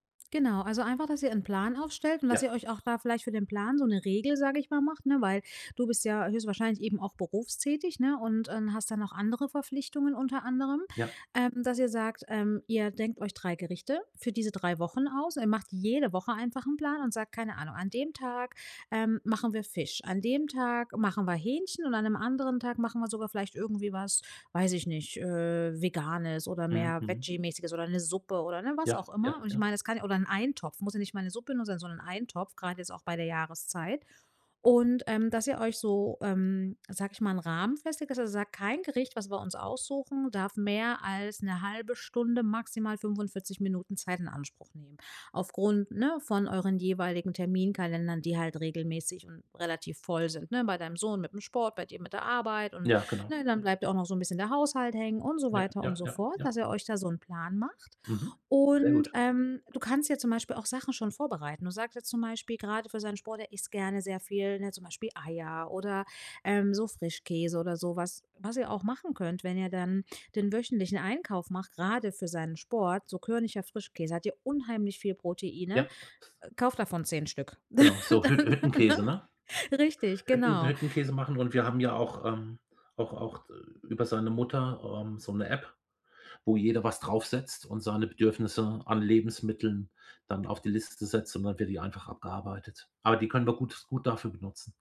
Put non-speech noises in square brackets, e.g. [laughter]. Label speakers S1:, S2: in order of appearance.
S1: Genau, also einfach, dass ihr 'n Plan aufstellt und dass ihr
S2: Ja.
S1: euch auch da vielleicht für den Plan so 'ne Regel, sage ich mal, macht, ne? Weil du bist ja höchstwahrscheinlich eben auch berufstätig, ne? Und und hast dann noch andere Verpflichtungen unter anderem,
S2: Ja.
S1: ähm, dass ihr sagt, ähm, ihr denkt euch 3 Gerichte für diese 3 Wochen aus. Ihr macht jede Woche einfach 'n Plan und sagt, keine Ahnung: „An dem Tag, ähm, machen wir Fisch. An dem Tag machen wir Hähnchen, und an 'nem anderen Tag machen wir sogar vielleicht irgendwie was, weiß ich nicht, äh, Veganes oder
S2: Mhm,
S1: mehr
S2: mhm.
S1: Veggie-mäßiges oder 'ne Suppe“ oder, ne, was
S2: Ja,
S1: auch
S2: ja,
S1: immer. Und ich
S2: ja.
S1: mein, es kann ja oder 'n Eintopf, muss ja nicht mal 'ne Suppe nur sein, sondern Eintopf, grad jetzt auch bei der Jahreszeit. Und, ähm, dass ihr euch so, ähm, sage ich mal, 'n Rahmen festlegt, dass ihr sagt: „Kein Gericht, was wir uns aussuchen, darf mehr als 'ne halbe Stunde, maximal 45 Minuten Zeit in Anspruch nehmen.” Aufgrund, ne, von euren jeweiligen Terminkalendern, die halt regelmäßig und relativ voll sind, ne? Bei deinem Sohn mit 'm Sport, bei dir mit der Arbeit und,
S2: Ja, genau.
S1: ne, dann
S2: Ja.
S1: bleibt ja auch noch so 'n bisschen der Haushalt hängen und so
S2: Ja,
S1: weiter und
S2: ja,
S1: so fort,
S2: ja.
S1: dass ihr euch da so 'n Plan macht.
S2: Mhm, sehr
S1: Und,
S2: gut.
S1: ähm, du kannst ja zum Beispiel auch Sachen schon vorbereiten. Du sagst jetzt zum Beispiel gerade für seinen Sport, er isst gerne sehr viel, ne, zum Beispiel Eier oder, ähm, so Frischkäse oder so was. Was ihr auch machen könnt, wenn ihr dann den wöchentlichen Einkauf macht- grade für seinen Sport- so körniger Frischkäse, hat ja unheimlich viel Proteine.
S2: Ja.
S1: Kauft davon 10 Stück.
S2: Genau, so Hütt
S1: [laughs] Ne?
S2: Hüttenkäse, ne?
S1: Richtig,
S2: Hütten
S1: genau.
S2: Hüttenkäse machen. Und wir haben ja auch, ähm auch auch über seine Mutter, ähm, so 'ne App, wo jeder was draufsetzt und seine Bedürfnisse an Lebensmitteln dann auf die Liste setzt, und dann wird die einfach abgearbeitet. Aber die können wir gut gut dafür benutzen.